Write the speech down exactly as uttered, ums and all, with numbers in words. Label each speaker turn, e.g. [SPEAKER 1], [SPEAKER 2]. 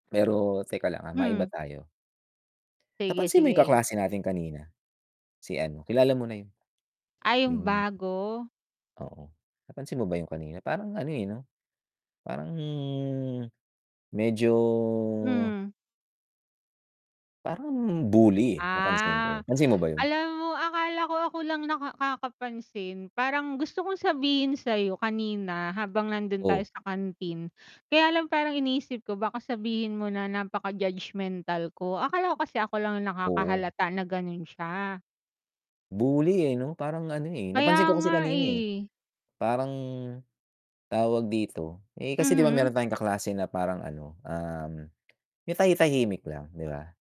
[SPEAKER 1] Pero teka lang, ah, maiba
[SPEAKER 2] Mhm.
[SPEAKER 1] tayo.
[SPEAKER 2] Sige,
[SPEAKER 1] Napansin mo yung
[SPEAKER 2] sige.
[SPEAKER 1] kaklase natin kanina, si ano, kilala mo na yun.
[SPEAKER 2] Ah, 'yong
[SPEAKER 1] Yung
[SPEAKER 2] bago?
[SPEAKER 1] oo, napansin mo ba 'yong kanina parang ano, eh, 'no? Parang medyo
[SPEAKER 2] Mhm.
[SPEAKER 1] parang bully, eh, napansin ko.
[SPEAKER 2] Ah,
[SPEAKER 1] Pansin mo ba 'yon?
[SPEAKER 2] alam mo akala ko ako lang naka kakapansin, parang gusto kong sabihin sa 'yo kanina habang nando'n tayo
[SPEAKER 1] O
[SPEAKER 2] sa canteen. Kaya lang parang iniisip ko baka sabihin mo na napaka-judgemental ko. Akala ko kasi ako lang 'yong
[SPEAKER 1] Oo.
[SPEAKER 2] nakakahalata na gano'n siya.
[SPEAKER 1] Bully, eh, 'no? Parang ano, eh,
[SPEAKER 2] Kaya
[SPEAKER 1] napansin ko kasi
[SPEAKER 2] nga
[SPEAKER 1] kanina, eh,
[SPEAKER 2] eh.
[SPEAKER 1] parang, tawag dito, eh, kasi 'di ba meron
[SPEAKER 2] Mm.
[SPEAKER 1] tayong kaklase na parang ano, um, yung tahi-tahimik lang, 'di ba?